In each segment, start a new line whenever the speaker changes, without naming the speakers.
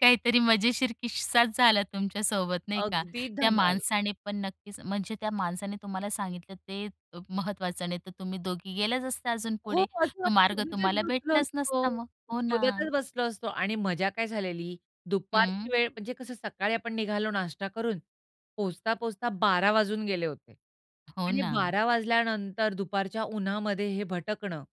काहीतरी मजेशीर किस्साच झाला तुमच्या सोबत नाही का?
अगदी
त्या
धमाल.
माणसाने पण नक्कीच म्हणजे त्या माणसाने तुम्हाला सांगितलं ते महत्वाचं नाही तर तुम्ही दोघी गेलाच असता अजून
हो.
पुढे,
शोधत
तो मार्ग
मग तर
तुम्हाला
बसलो
भेटलाच नसता
असतो.
मग. हो ना?
शोधतच बसलो असतो आणि मजा काय झालेली दुपारची
हं.
वेळ म्हणजे कसं सकाळी आपण निघालो नाश्ता करून. पोहचता, पोहचता 12:00 वाजून गेले होते.
हो
आणि
ना.
12:00 वाजल्यानंतर दुपारच्या उन्हामध्ये हे भटकणं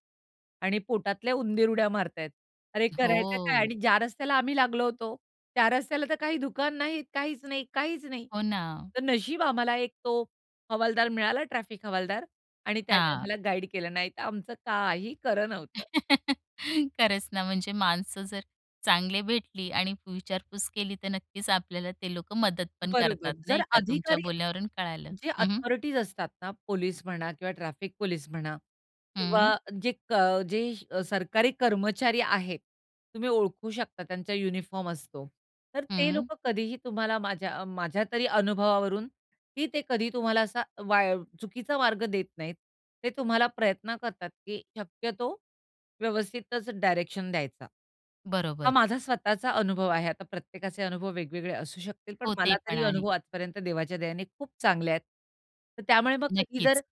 आणि पोटातल्या उंदीर उड्या मारत आहेत, अरे करायचं काय?
हो.
आणि ज्या रस्त्याला आम्ही लागलो होतो, त्या रस्त्याला तर काही दुकान नाहीत. काहीच नाही काहीच नाही.
हो ना.
तर नशीब आम्हाला एक तो हवालदार मिळाला ट्रॅफिक हवालदार. आणि त्याने
हां.
आम्हाला गाईड केलं. नाही तर आमचं काही खरं नव्हतं.
खरंच ना, म्हणजे माणसं जर चांगली भेटली आणि विचारपूस केली, तर नक्कीच आपल्याला ते लोक मदत पण
बरोबर.
करतात.
जर
नाही का? तुमच्या
अधिकारी
बोलण्यावरून कळालं.
जे
हं, हं.
अथॉरिटीज असतात ना पोलिस म्हणा किंवा ट्रॅफिक पोलिस म्हणा
हं.
किंवा जे क जे सरकारी कर्मचारी आहेत, तुम्ही ओळखू शकता त्यांचा युनिफॉर्म असतो. तर ते
हं.
लोकं कधीही तुम्हाला माझ्या, माझ्या तरी अनुभवावरून ही ते कधी तुम्हाला असा वाई चुकीचा मार्ग देत नाहीत. ते तुम्हाला प्रयत्न करतात की शक्यतो व्यवस्थितच डायरेक्शन द्यायचा. हा
बरोबर.
माझा स्वतःचा अनुभव आहे. आता प्रत्येकाचे अनुभव वेगवेगळे असू शकतील. पण
हो, ते
मला
पण
तरी
आहे.
अनुभव आजपर्यंत देवाच्या दयेने खूप चांगले आहेत. तर त्यामुळे मग कधी जर
नक्कीच.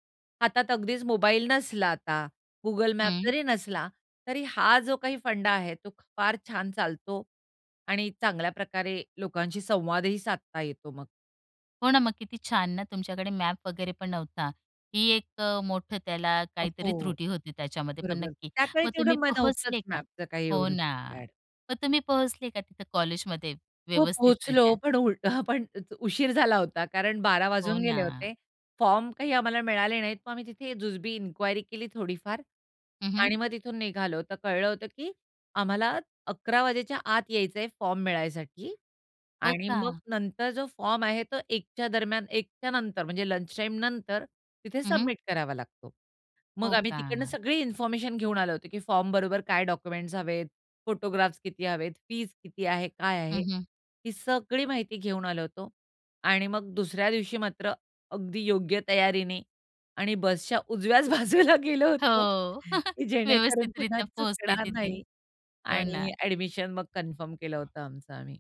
हातात अगदीच मोबाईल नसला आता, गुगल मॅप
हं.
जरी नसला, तरी हा जो काही फंडा आहे तो, फार छान चालतो आणि चांगल्या प्रकारे लोकांशी संवादही साधता येतो मग.
हो ना, मग किती छान ना? तुमच्याकडे मॅप वगैरे पण नव्हता, ही एक मोठं त्याला
अ,
काहीतरी
हो.
त्रुटी होती त्याच्यामध्ये. पण
बरोबर.
नक्की
त्याकाळी
मग
तेवढं
तुम्ही
म नव्हतंच
पोहोचले का?
मॅपचं काही
हो
एवढं
ना.
फॅड.
मग तुम्ही पोहोचले का तिथं कॉलेजमध्ये
हो पोहचलो.
व्यवस्थितरित्या?
पण उ हं पण उशीर झाला होता कारण 12:00
हो
वाजून गेले
ना.
होते. फॉर्म काही आम्हाला मिळाले नाहीत. मग आम्ही तिथे जुजबी इन्क्वायरी केली थोडीफार
हं, हं.
आणि मग तिथून निघालो तर कळलं होतं, की आम्हाला अकरा वाजायच्या आत यायचं आहे फॉर्म मिळायसाठी.
हो
आणि मग
का?
नंतर जो फॉर्म आहे तो 1 च्या दरम्यान 1 च्यानंतर म्हणजे लंच टाईमनंतर तिथे
हं, हं.
सबमिट करावा लागतो. मग
हो
आम्ही तिकडनं
का?
सगळी इन्फॉर्मेशन घेऊन आलो होतो, की फॉर्म बरोबर काय डॉक्युमेंट्स हवेत, फोटोग्राफ्स किती हवेत, फीस किती आहे, काय आहे
हं, हं.
ही सगळी माहिती घेऊन आलो होतो. आणि मग दुसऱ्या दिवशी मात्र अगदी योग्य तयारीने आणि बसच्या उजव्याच बाजूला गेलो होतो
हो.
की जेणेकरून पुन्हा
व्यवस्थितरित्या पोहोचले
चुकणार
तिथे.
नाही
हो ना.
आणि एडमिशन मग कन्फर्म केलं होतं आमचं आम्ही.